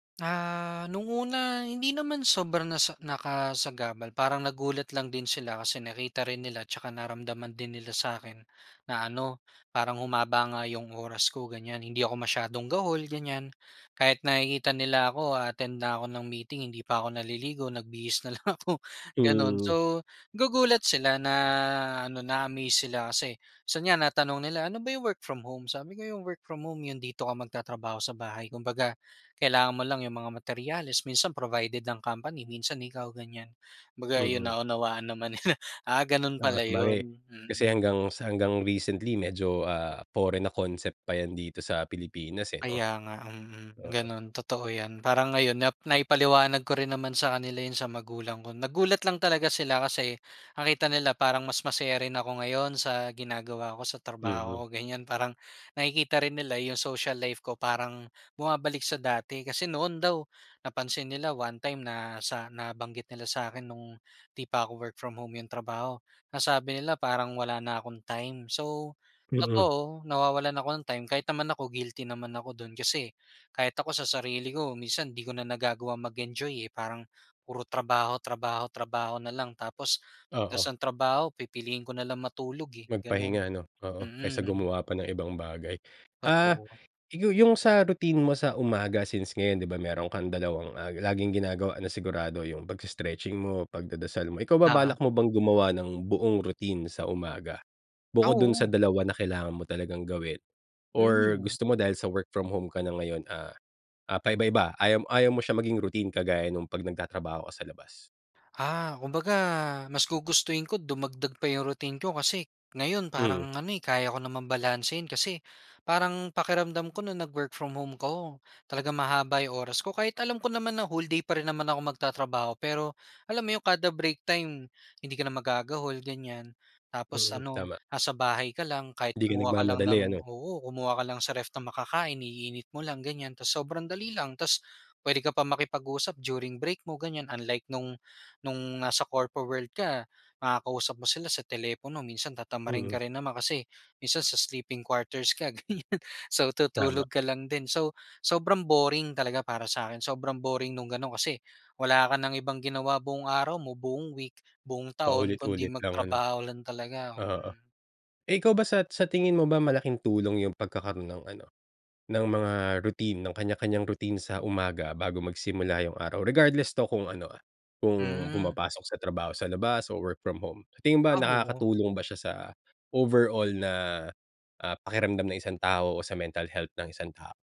Ah, no'ng una, hindi naman sobra na sa nakasagabal. Parang nagulat lang din sila kasi nakita rin nila 'tsaka naramdaman din nila sa'kin, na ano, parang humaba nga 'yong oras ko, ganiyan. Hindi ako masyadong gahol, ganiyan. Kahit nakikita nila ako a-attend na ako ng meeting hindi pa ako naliligo, nagbihis na lang ako, gano'n. Hmm. So, gugulat sila na ano, na-amaze sila kasi, minsan nga natanong nila, ano ba 'yong work from home, sabi ko, 'yong work from home 'yon dito ka magtatrabaho sa bahay kumbaga, kailangan mo lang 'yong mga materyales, minsan provided ng company, minsan ikaw, ganiyan. Kumbaga, ayun Mm. naunawaan naman nila, ah, gano'n Oo. pala Sabagay, 'yon. kasi Mm. hanggang sa hanggang recently medyo, ah, foreign na concept pa 'yan dito sa Pilipinas, eh, 'no. Kaya nga, mm. Oo. Gano'n, totoo 'yan. Parang ngayon, nap naipaliwanag ko rin naman sa kanila 'yon sa magulang ko. Nagulat lang talaga sila kasi, nakita nila parang mas masaya rin ako ngayon sa ginagawa ko sa Mm. trabaho ko, ganiyan. Parang, nakikita rin nila 'yong social life ko parang bumabalik sa dati, kasi noon daw, napansin nila one time na sa nabanggit nila sa'kin no'ng hindi pa ako work from home 'yong trabaho, nasabi nila parang wala na akong time. So, Mm. totoo nawawalan ako ng time, kahit naman ako guilty naman ako do'n kasi, kahit ako sa sarili ko minsan 'di ko na nagagawang mag-enjoy, eh. Parang, puro trabaho, trabaho, trabaho na lang, tapos pag Oo. tapos ng trabaho pipiliin ko na lang matulog, eh, gano'n. Magpahinga, ano. Oo, kaysa Mm. gumawa pa ng ibang bagay. Ah, Totoo. 'yo 'yong sa routine mo sa umaga, since ngayon, 'di ba, meron kang dalawang, ah, laging ginagawa na sigurado, 'yong pagse-stretching mo, pagdadasal mo. Ikaw ba, Oo. balak mo bang gumawa ng buong routine sa umaga? Ah, Bukod do'n sa oo. dalawa na kailangan mo talagang gawin. Or Hmm. gusto mo dahil sa work from home ka na ngayon, ah, ah, pa-iba-iba, ayaw m ayaw mo siyang maging routine kagaya no'ng pag nagtatrabaho ka sa labas? Ah, kumbaga, mas gugustuhin ko dumagdag pa 'yong routine ko, kasi, ngayon Mm. parang ano, eh, kaya ko naman balansehin. Kasi, parang pakiramdam ko no'ng nag-work from home ko, talagang mahaba 'yong oras ko. Kahit alam ko naman na whole day pa rin naman ako magtatrabaho pero, alam mo 'yong kada break time, hindi ka na magagahol, ganiyan. Tapos Mm, ano, tama. nasa bahay ka lang, kahit Hindi ka kumuha ka lang nagmamadali, ng, ano. oo, kumuha ka lang sa ref ng makakain, iinit mo lang, ganiyan, tapos sobrang dali lang. Tapos, puwede ka pa makipag-usap during break mo, ganiyan, unlike no'ng, no'ng nasa corpo world ka makakausap mo sila sa telepono, minsan tatamarin Mm. ka rin naman, kasi minsan sa sleeping quarters ka ganiyan, so, Tama. tutulog ka lang din. So, sobrang boring talaga para sa'kin, sobrang boring no'ng gano'n kasi, wala ka ng ibang ginawa buong araw mo, buong week, buong taon, kundi Paulit-ulit lang, ano. magtrabaho lang talaga. Oo. Mm. Eh, ikaw ba sat sa tingin mo ba malaking tulong 'yong pagkakaroon ng ano, ng mga routine, ng kanya-kanyang routine sa umaga bago magsimula 'yong araw? Regardless 'to kung ano, ah, kung Hmm. pumapasok sa trabaho sa labas o work from home, tingin mo ba Ah, oo. nakakatulong ba siya sa overall na, ah, pakiramdam ng isang tao o sa mental health ng isang tao?